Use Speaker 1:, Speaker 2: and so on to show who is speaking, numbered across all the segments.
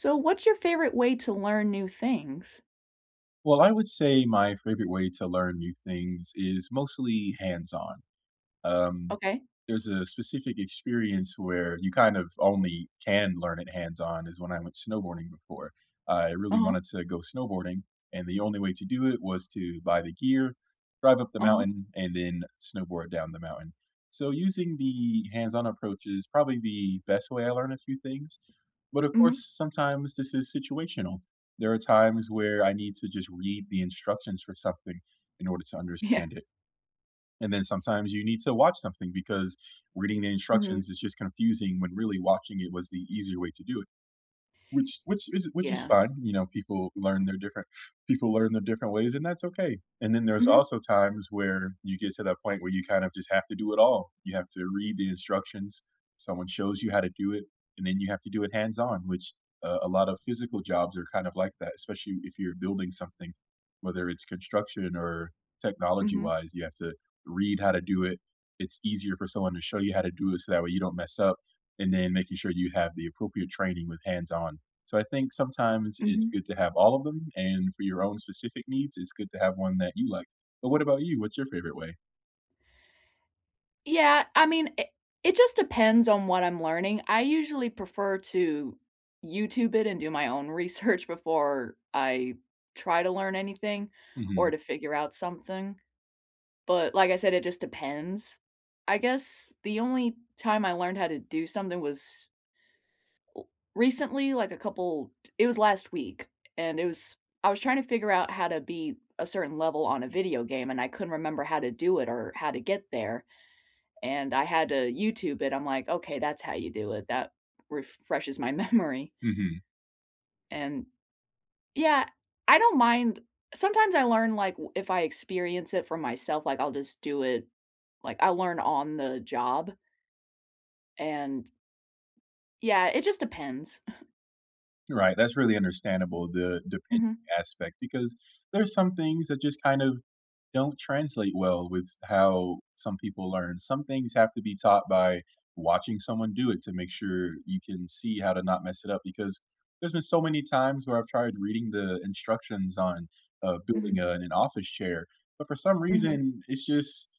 Speaker 1: So, what's your favorite way to learn new things?
Speaker 2: Well, I would say my favorite way to learn new things is mostly hands-on. Um,
Speaker 1: Okay.
Speaker 2: there's a specific experience where you kind of only can learn it hands-on, is when I went snowboarding before. Uh, I really
Speaker 1: Uh-huh.
Speaker 2: wanted to go snowboarding, and the only way to do it was to buy the gear, drive up the
Speaker 1: Uh-huh.
Speaker 2: mountain, and then snowboard down the mountain. So, using the hands-on approach is probably the best way I learn a few things, but of course,
Speaker 1: Mhm.
Speaker 2: sometimes this is situational. There are times where I need to just read the instructions for something in order to
Speaker 1: Yeah.
Speaker 2: understand it, and then sometimes you need to watch something because reading the
Speaker 1: Mhm.
Speaker 2: instructions is just confusing when really watching it was the easier way to do it. Which which is it which is
Speaker 1: Yeah.
Speaker 2: fine, you know, people learn their different people learn their different ways, and that's okay. And then there's
Speaker 1: Mhm.
Speaker 2: also times where you get to that point where you kind of just have to do it all. You have to read the instructions, someone shows you how to do it, and then you have to do it hands-on, which uh, a lot of physical jobs are kind of like that, especially if you're building something. Whether it's construction or technology
Speaker 1: Mhm.
Speaker 2: wise, you have to read how to do it. It's easier for someone to show you how to do it, so that way you don't mess up, and then making sure you have the appropriate training with hands-on. So, I think sometimes it's
Speaker 1: Mhm.
Speaker 2: good to have all of them, and for your own specific needs, it's good to have one that you like. But what about you? What's your favorite way?
Speaker 1: Yeah, I mean, i it just depends on what I'm learning. I usually prefer to YouTube it and do my own research before I try to learn anything or
Speaker 2: Mhm.
Speaker 1: to figure out something, but, like I said, it just depends. I guess the only time I learned how to do something was ooh recently, like a couple t it was last week, and it was I was tryna figure out how to beat a certain level on a video game and I couldn't remember how to do it or how to get there, and I had to YouTube it. I'm like, "Okay, that's how you do it," that refreshes my memory.
Speaker 2: Mhm.
Speaker 1: And Yeah, I don't mind Sometimes I learn like w if I experience it for myself, like I'll just do it, like I'll learn on the job and Yeah, it just depends.
Speaker 2: You're right, that's really understandable, the the pend
Speaker 1: Mhm.
Speaker 2: aspect, because there's some things that just kind of don't translate well with s how some people learn. Some things have to be taught by watching someone do it to make sure you can see how to not mess it up, because there's been so many times where I've tried reading the instructions on, uh, building,
Speaker 1: Mhm.
Speaker 2: uh, an office chair, but for some
Speaker 1: Mhm.
Speaker 2: reason, it's just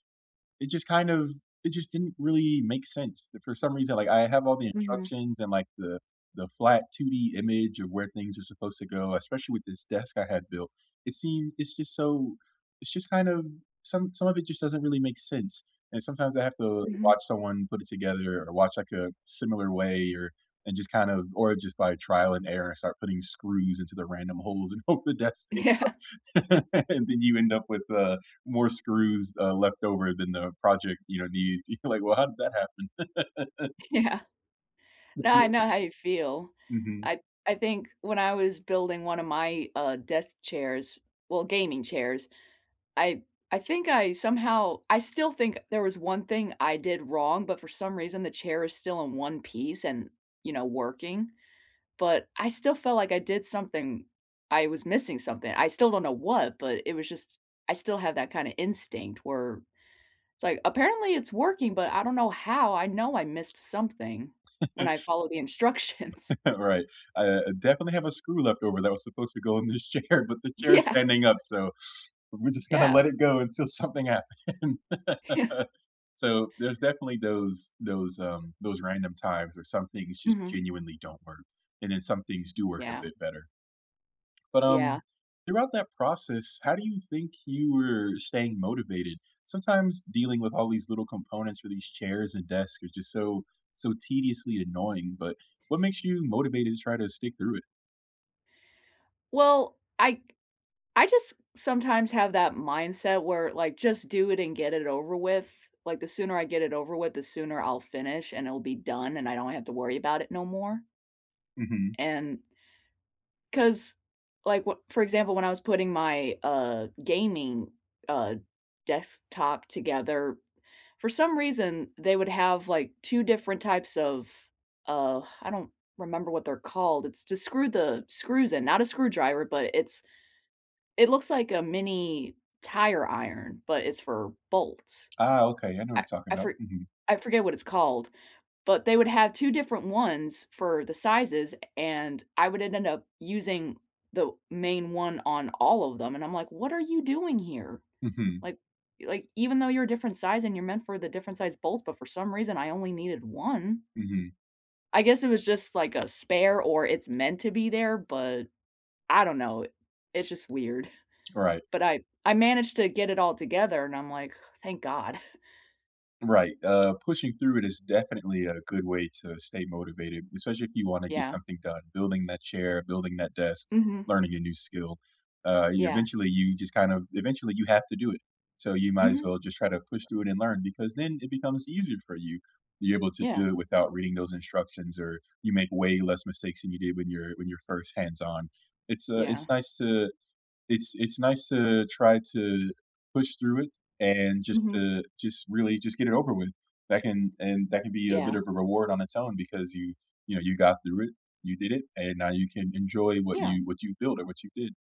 Speaker 2: it just kind of it just didn't really make sense that for some reason like I have all the
Speaker 1: Mhm.
Speaker 2: instructions and like the the flat 2D image of where things are supposed to go, especially with this desk I had built. It seems it's just so it's just kind of some some of it just doesn't really make sense, and sometimes I have to
Speaker 1: Mhm.
Speaker 2: watch someone put it together or watch like a similar way or and just kind of or just by trial and error start putting screws into the random holes and hope the desk stays
Speaker 1: Yeah.
Speaker 2: up. And then you end up with, uh, more screws, uh, left over than the project, you know, needs. You're like, "Well, how did that happen?"
Speaker 1: Yeah. No, I
Speaker 2: [unintelligible]
Speaker 1: know how you feel.
Speaker 2: Mhm.
Speaker 1: I I think when I was building one of my, uh, desk chairs well, gaming chairs, I I think I somehow I still think there was one thing I did wrong, but for some reason the chair is still in one piece and, you know, working, but I still felt like I did something I was missing something. I still don't know what, but it was just I still have that kinda instinct where it's like, "Apparently it's working, but I don't know how. I know I missed something when I followed the instructions."
Speaker 2: Right, I I definitely have a screw leftover that was supposed to go in this chair, but the chair is
Speaker 1: Yeah.
Speaker 2: standing up, so we're just gonna
Speaker 1: Yeah.
Speaker 2: let it go until something happen.
Speaker 1: Yeah.
Speaker 2: So, there's definitely those those, um, those random times where some things just
Speaker 1: Mhm.
Speaker 2: genuinely don't work, and then some things do work a
Speaker 1: Yeah.
Speaker 2: bit better. But,
Speaker 1: Yeah.
Speaker 2: um, throughout that process, how do you think you were staying motivated? Sometimes dealing with all these little components for these chairs and desks are just so so tediously annoying, but, what makes you motivated to try to stick through it?
Speaker 1: Well, I I just sometimes have that mindset where, like, just do it and get it over with. Like, the sooner I get it over with, the sooner I'll finish and it'll be done and I don't have to worry about it no more.
Speaker 2: Mhm.
Speaker 1: And 'Cause, like wh for example, when I was putting my, uh, gaming, uh, desktop together, for some reason, they would have, like, 2 different types of, uh, I don't remember what they're called. It's to screw the screws in. Not a screwdriver, but it's It looks like a mini tire iron, but it's for bolts.
Speaker 2: Ah, okay, I know what
Speaker 1: I
Speaker 2: you're talking
Speaker 1: I
Speaker 2: about.
Speaker 1: for
Speaker 2: Mhm.
Speaker 1: I forget what it's called, but they would have 2 different ones for the sizes, a and I would ended up using the main one on all of them, and I'm like, "What are you doing here?"
Speaker 2: Mhm.
Speaker 1: Like like, even though you're a different size and you're meant for the different size bolts, but for some reason I only needed one.
Speaker 2: Mhm.
Speaker 1: I guess it was just, like, a spare or it's meant to be there, but I don't know. It's just weird.
Speaker 2: Right.
Speaker 1: But I I managed to get it all together and I'm like, "Thank God."
Speaker 2: Right, uh, pushing through it is definitely a good way to stay motivated, especially if you wanna get
Speaker 1: Yeah.
Speaker 2: something done: building that chair, building that desk,
Speaker 1: Mhm.
Speaker 2: learning a new skill. Uh, you,
Speaker 1: Yeah.
Speaker 2: eventually you just, kind of eventually, you have to do it. So, you might as
Speaker 1: Mhm.
Speaker 2: well just try to push through it and learn, because then it becomes easier for you. You're able to
Speaker 1: Yeah.
Speaker 2: do it without reading those instructions, or you make way less mistakes than you did when you're when you're first hands on. It's, uh,
Speaker 1: Yeah.
Speaker 2: it's nice to It's it's nice to try to push through it, and just
Speaker 1: Mhm.
Speaker 2: to just really just get it over with. That can and that can be a bit
Speaker 1: Yeah.
Speaker 2: of a reward on its own because you you know, you got through it, you did it, and now you can enjoy what
Speaker 1: Yeah.
Speaker 2: you what you've built or what you did.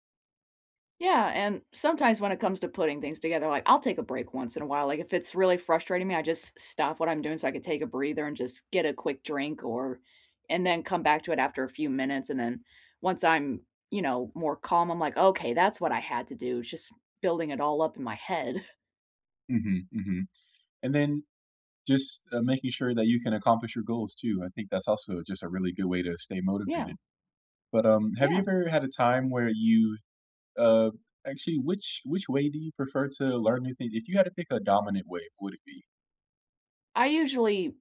Speaker 1: Yeah, and sometimes when it comes to putting things together, like, I'll take a break once in a while. Like, if it's really frustrating me, I just stop what I'm doing so I could take a breather and just get a quick drink or and then come back to it after a few minutes and then once I'm, you know, more calm, I'm like, "Okay, that's what I had to do," just building it all up in my head.
Speaker 2: Mhm, mhm. And then just, uh, making sure that you can accomplish your goals too. I think that's also just a really good way to stay
Speaker 1: Yeah.
Speaker 2: motivated. But, um, have you
Speaker 1: Yeah.
Speaker 2: ever had a time where you, uh, actually, which which way do you prefer to learn new thin If you had to pick a dominant way, would it be?
Speaker 1: I usually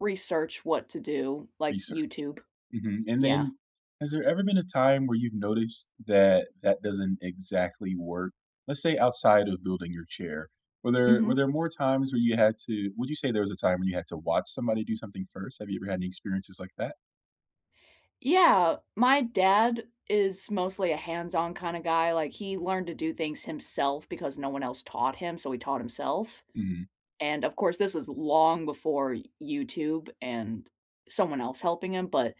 Speaker 1: research what to do, like
Speaker 2: Research,
Speaker 1: YouTube.
Speaker 2: mhm, and
Speaker 1: Yeah.
Speaker 2: then, has there ever been a time where you've noticed that that doesn't exactly work? Let's say outside of building your chair, were there were
Speaker 1: Mhm.
Speaker 2: there more times where you had to would you say there was a time when you had to watch somebody do something first? Have you ever had any experiences like that?
Speaker 1: Yeah, my dad is mostly a hands-on kinda guy, like he learned to do things himself because no one else taught him, so he taught himself.
Speaker 2: Mhm.
Speaker 1: And of course this was long before Y YouTube and someone else helping him, but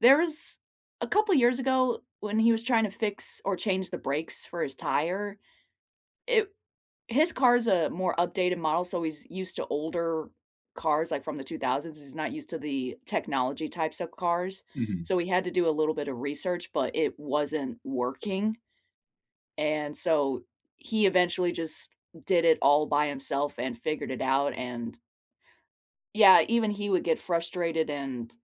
Speaker 1: there was a couple years ago, when he was trying to fix or change the brakes for his tire, it his car is a more updated model, so he's used to older cars, like from the 2000s, he's not used to the technology-types of cars,
Speaker 2: Mhm.
Speaker 1: so we had to do a little bit of research, but it wasn't working. And so he eventually just did it all by himself and figured it out and yeah, even he would get frustrated and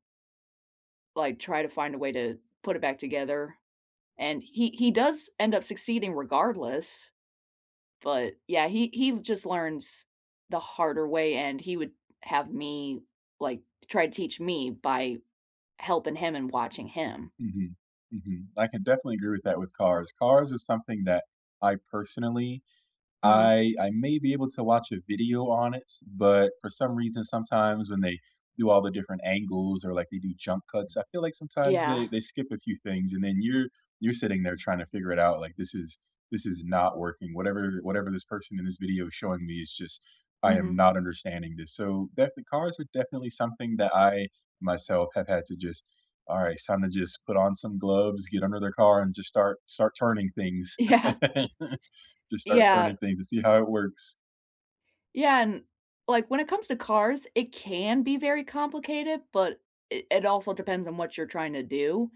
Speaker 1: Like, try to find a way to put it back together, and he he does end up succeeding regardless, but, yeah, he he just learns the harder way, and he would have me, like to try to teach me by helping him and watching him.
Speaker 2: Mhm, mhm. I can definitely agree with that with cars. Cars are something that I, personally
Speaker 1: Mhm.
Speaker 2: I I may be able to watch a video on it, but for some reason, sometimes, when they do all the different angles or, like, they do jump cuts, I feel like sometimes they
Speaker 1: Yeah.
Speaker 2: they skip a few things, and then you're you're sitting there trying to figure it out, like this is this is not working, whatever whatever this person in this video is showing me is just I am
Speaker 1: Mhm.
Speaker 2: not understanding this. So, definitely cars are definitely something that I, myself, have had to just, all right, it's time to just put on some gloves, get under the car, and just start start turning things.
Speaker 1: Yeah.
Speaker 2: Just start
Speaker 1: Yeah.
Speaker 2: turning things to see how it works.
Speaker 1: Yeah, and, like, when it comes to cars, it can be very complicated, but it it also depends on what you're trying to do,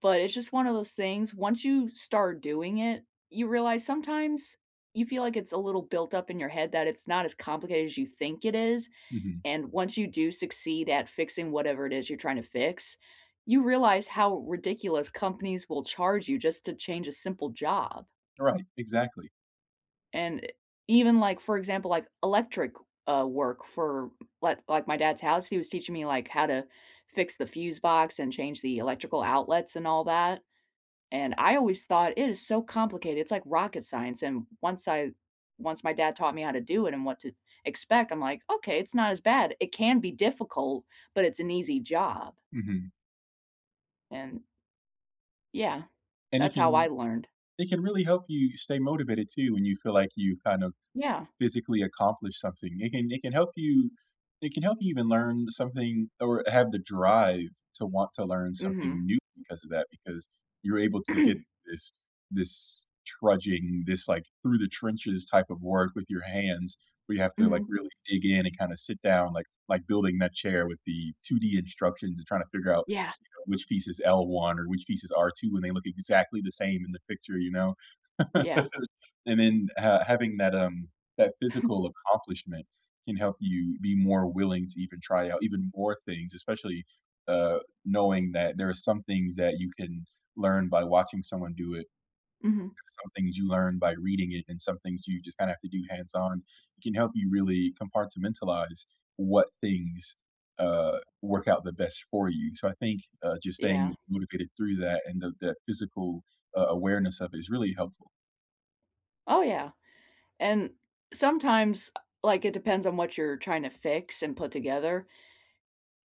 Speaker 1: but it's just one of those things. Once you start doing it, you realize sometimes you feel like it's a little built up in your head that it's not as complicated as you think it is,
Speaker 2: Mhm.
Speaker 1: and once you do succeed at fixing whatever it is you're trying to fix, you realize how ridiculous companies will charge you just to change a simple job.
Speaker 2: Right, exactly.
Speaker 1: And, eh, even, like, for example, like, electric, uh, work for like like my dad's house, he was teaching me, like, how to fix the fuse box, and change the electrical outlets, and all that, and I always thought, "It is so complicated, it's like rocket science," and once I once my dad taught me how to do it, and what to expect, I'm like, "Okay, it's not as bad. It can be difficult, but it's an easy job."
Speaker 2: Mhm.
Speaker 1: And Yeah,
Speaker 2: And it
Speaker 1: that's how I
Speaker 2: can
Speaker 1: learned.
Speaker 2: it can really help you stay motivated, too, when you feel like you kind of
Speaker 1: Yeah.
Speaker 2: physically accomplished something. It can it can help you I can help you even learn something, or have the drive to want to learn something
Speaker 1: Mhm.
Speaker 2: new because of that, because you're able to get this this trudging, this, like, through the trenches type of work with your hands, where you have to, like,
Speaker 1: Mhm
Speaker 2: really dig in and, kind of, sit down like like building that chair with the 2D instructions, and trying to figure out,
Speaker 1: Yeah.
Speaker 2: you know, which piece is L1, or which piece is R2, when they look exactly the same in the picture, you know.
Speaker 1: Yeah.
Speaker 2: And then, uh, having that, um, that physical accomplishment can help you be more willing to even try out even more things, especially, uh, knowing that there are some things that you can learn by watching someone do it.
Speaker 1: Mhm
Speaker 2: There's some things you learn by reading it, and some things you just kinda have to do hands on, it can help you really compartmentalize what things, uh, work out the best for you. So, I think, uh, just staying
Speaker 1: Yeah.
Speaker 2: motivated through that and the the physical, uh, awareness of it is really helpful.
Speaker 1: Oh yeah, and sometimes, uh like it depends on what you're tryna fix and put together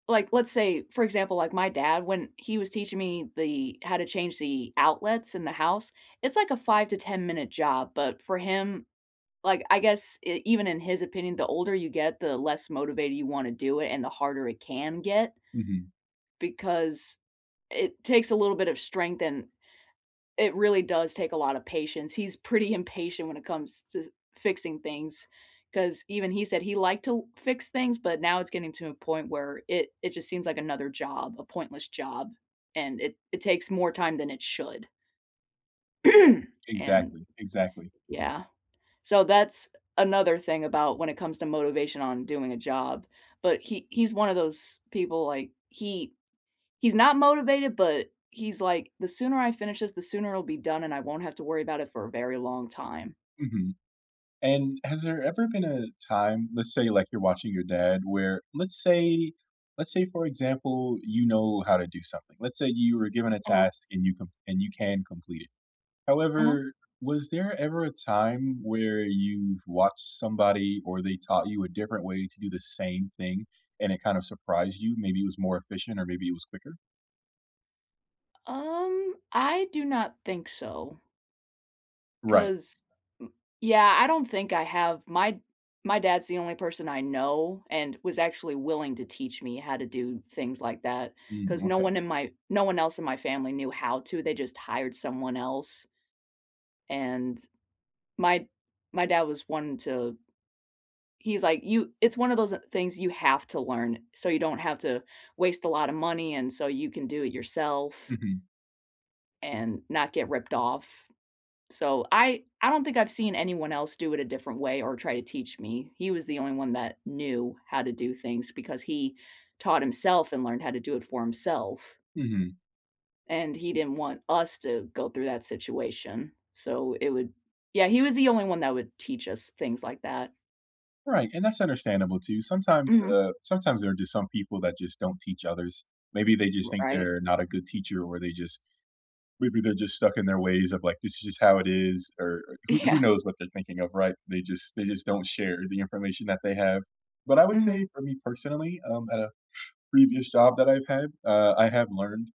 Speaker 1: like, let's say, for example, like my dad, when he was teaching me the how to change the outlets in the house, it's like a 5 to ten-minute job, but for him, like, I guess e even in his opinion, the older you get, the less motivated you wanna do it and the harder it can get
Speaker 2: Mhm.
Speaker 1: because it takes a little bit of strength and it really does take a lotta patience. He's pretty impatient when it comes to fixing things, 'cause even he said he liked to fix things, but now it's getting to a point where it it just seems like another job, a pointless job, and it it takes more time than it should and
Speaker 2: Exactly, exactly.
Speaker 1: Yeah, so that's another thing about when it comes to motivation on doing a job, but he he's one of those people like, he he's not motivated, but he's like, "The sooner I finish this, the sooner it'll be done and I won't have to worry about it for a very long time."
Speaker 2: Mhm. And has there ever been a time- let's say like you're watching your dad- where let's say let's say for example, you know how to do something let's say you were given a
Speaker 1: Uh-huh.
Speaker 2: task and you can and you can complete it.
Speaker 1: Uh-huh.
Speaker 2: However, was there ever a time where you've watched somebody, or they taught you a different way to do the same thing, and it kinda surprised you, maybe it was more efficient or maybe it was quicker?
Speaker 1: Um, I do not think so.
Speaker 2: Right.
Speaker 1: 'Cause m Yeah, I don't think I have. My my dad's the only person I know and was actually willing to teach me how to do things like that
Speaker 2: Mm,
Speaker 1: 'cause no
Speaker 2: okay.
Speaker 1: one in my no one else in my family knew how to. They just hired someone else. And, my my dad was one to he's like, "You it's one of those things you have to learn, so you don't have to waste a lot of money and so you can do it yourself."
Speaker 2: Mhm.
Speaker 1: And not get ripped off. So, I I don't think I've seen anyone else do it a different way or try to teach me. He was the only one that knew how to do things because he taught himself and learned how to do it for himself.
Speaker 2: Mhm.
Speaker 1: And he didn't want us to go through that situation, so it would Yeah, he was the only one that would teach us things like that.
Speaker 2: Right, and that's understandable too. Sometimes,
Speaker 1: Mhm.
Speaker 2: uh, sometimes there are just some people that just don't teach others. Maybe they just
Speaker 1: R
Speaker 2: think
Speaker 1: right.
Speaker 2: they're not a good teacher or they just Maybe they're just stuck in their ways of like, "This is just how it is," er er who who
Speaker 1: Yeah.
Speaker 2: knows what they're thinking of, right? They just they just don't share the information that they have. But I would say
Speaker 1: Mhm.
Speaker 2: for me personally, um, at a previous job that I've had, uh, I have learned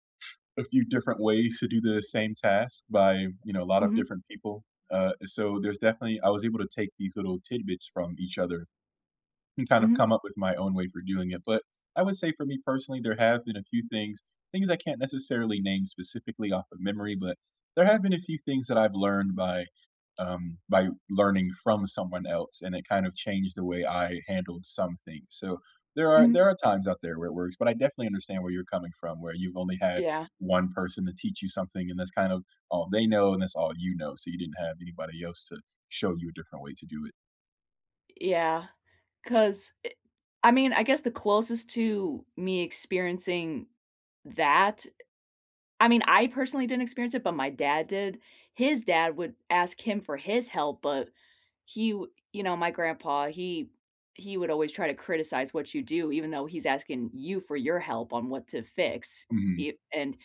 Speaker 2: a few different ways to do the same task by, you know, a lot of
Speaker 1: Mhm.
Speaker 2: different people. Uh, so there's definitely I was able to take these little tidbits from each other and kind of
Speaker 1: Mhm.
Speaker 2: come up with my own way for doing it. But I would say for me personally, there have been a few things things I can't necessarily name specifically off of memory, but there have been a few things that I've learned by, um, by learning from someone else, and it kind of changed the way I handled some things. So, there are there
Speaker 1: Mhm.
Speaker 2: are times out there where it works. But I definitely understand where you're coming from. Where you've only had
Speaker 1: Yeah.
Speaker 2: one person to teach you something and that's kind of all they know and that's all you know. So, you didn't have anybody else to show you a different way to do it.
Speaker 1: Yeah, 'cause, eh, I mean, I guess the closest to me experiencing that I mean, I personally didn't experience it, but my dad did. His dad would ask him for his help, but he, w you know, my grandpa, he he would always try to criticize what you do, even though he's asking you for your help on what to fix,
Speaker 2: Mhm.
Speaker 1: you and h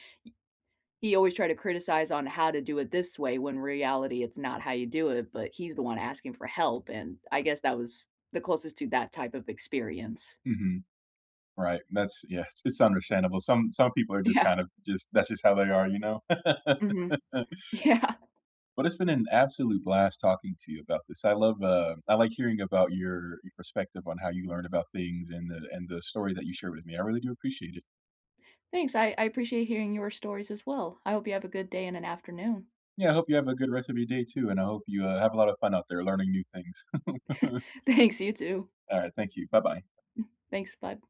Speaker 1: he always tried to criticize on how to do it this way when in reality it's not how you do it, but he's the one asking for help, and I guess that was the closest to that type of experience.
Speaker 2: Mhm. Right.
Speaker 1: Eh
Speaker 2: That's yeah, it's it's understandable. Some some people are just
Speaker 1: Yeah.
Speaker 2: kind of just, that's just how they are, you know?
Speaker 1: Mhm, yeah.
Speaker 2: But it's been an absolute blast talking to you about this. I love, uh, I like hearing about your your perspective on how you learned about things and the and the story that you shared with me. I really do appreciate it.
Speaker 1: Thanks, I I appreciate hearing your stories as well. I hope you have a good day and an afternoon.
Speaker 2: Yeah, I hope you have a good rest of your day too, and I hope you, uh, have a lot of fun out there learning new things.
Speaker 1: Thanks, you too.
Speaker 2: All right. Thank you. Bye-bye.
Speaker 1: Mm, thanks, bud.